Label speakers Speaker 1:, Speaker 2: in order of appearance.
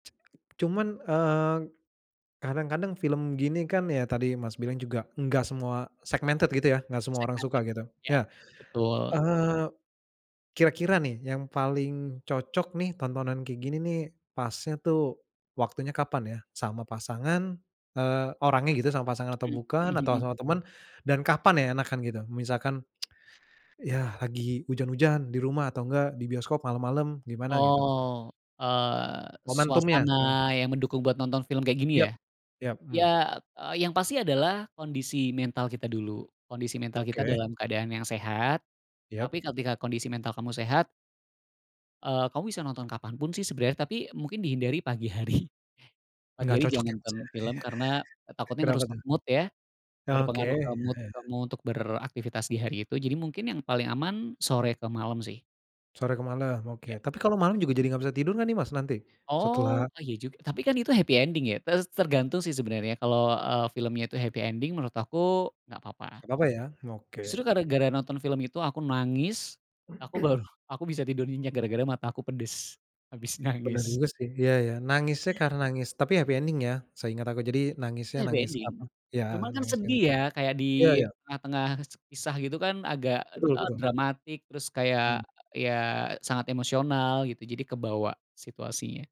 Speaker 1: Cuman eee, kadang-kadang film gini kan ya tadi Mas, bilang juga enggak, enggak semua segmented gitu ya, enggak semua orang suka
Speaker 2: Segmented
Speaker 1: gitu.
Speaker 2: iya,
Speaker 1: Nah,
Speaker 2: betul.
Speaker 1: eee, kira-kira nih yang paling cocok nih, tontonan kayak gini nih pasnya tuh waktunya kapan ya? Sama pasangan, eee, orangnya gitu sama pasangan, atau
Speaker 2: M mmm,
Speaker 1: bukan atau
Speaker 2: mhm.
Speaker 1: sama temen dan kapan ya enakan gitu? Misalkan, iya, lagi hujan-hujan di rumah atau enggak di bioskop malam-malam gimana gitu?
Speaker 2: Oh, eee,
Speaker 1: Momentumnya
Speaker 2: suasana
Speaker 1: kan.
Speaker 2: yang mendukung buat nonton film kayak gini
Speaker 1: Yap,
Speaker 2: ya?
Speaker 1: yap, mmm.
Speaker 2: Iya, eee, yang pasti adalah kondisi mental kita dulu. Kondisi mental kita
Speaker 1: Oke.
Speaker 2: dalam keadaan yang sehat. Tapi,
Speaker 1: Yap.
Speaker 2: ketika kondisi mental kamu sehat eee, kamu bisa nonton kapanpun sih sebenarnya. Tapi, mungkin dihindari pagi hari. Pagi
Speaker 1: Enggak
Speaker 2: hari
Speaker 1: cocok ya
Speaker 2: jangan
Speaker 1: Mas,
Speaker 2: nonton
Speaker 1: ya?
Speaker 2: film, karena takutnya
Speaker 1: Kenapa
Speaker 2: ngerusak
Speaker 1: tuh?
Speaker 2: mood ya.
Speaker 1: Oke.
Speaker 2: Berpengaruh ke mood kamu untuk beraktivitas di hari itu, jadi mungkin yang paling aman, sore ke malam sih.
Speaker 1: Sore ke malam,
Speaker 2: Iya.
Speaker 1: oke. Tapi kalau malam juga jadi enggak bisa tidur nih Mas, nanti?
Speaker 2: Oh,
Speaker 1: Setelah
Speaker 2: eh iya juga, tapi kan itu happy ending ya. Tes tergantung sih sebenarnya kalau, eee, filmnya itu happy ending, menurut aku enggak apa-apa.
Speaker 1: Enggak apa-apa ya? Oke.
Speaker 2: Justru, gara-gara nonton film itu aku nangis, aku baru, aku bisa tidur nyenyak gara-gara mata aku pedes. Habis
Speaker 1: Pernah
Speaker 2: nangis.
Speaker 1: denger sih. Iya iya nangisnya karena nangis tapi happy ending ya, seinget aku, jadi nangisnya
Speaker 2: Happy
Speaker 1: nangis
Speaker 2: ending,
Speaker 1: apa, iya
Speaker 2: cuma kan
Speaker 1: nangis yang
Speaker 2: sedih ya kayak di
Speaker 1: eee iya iya.
Speaker 2: tengah-tengah kese kisah gitu kan agak
Speaker 1: Betul
Speaker 2: eee,
Speaker 1: betul.
Speaker 2: dramatik terus kayak,
Speaker 1: Mmm.
Speaker 2: iya sangat emosional gitu jadi kebawa, situasinya.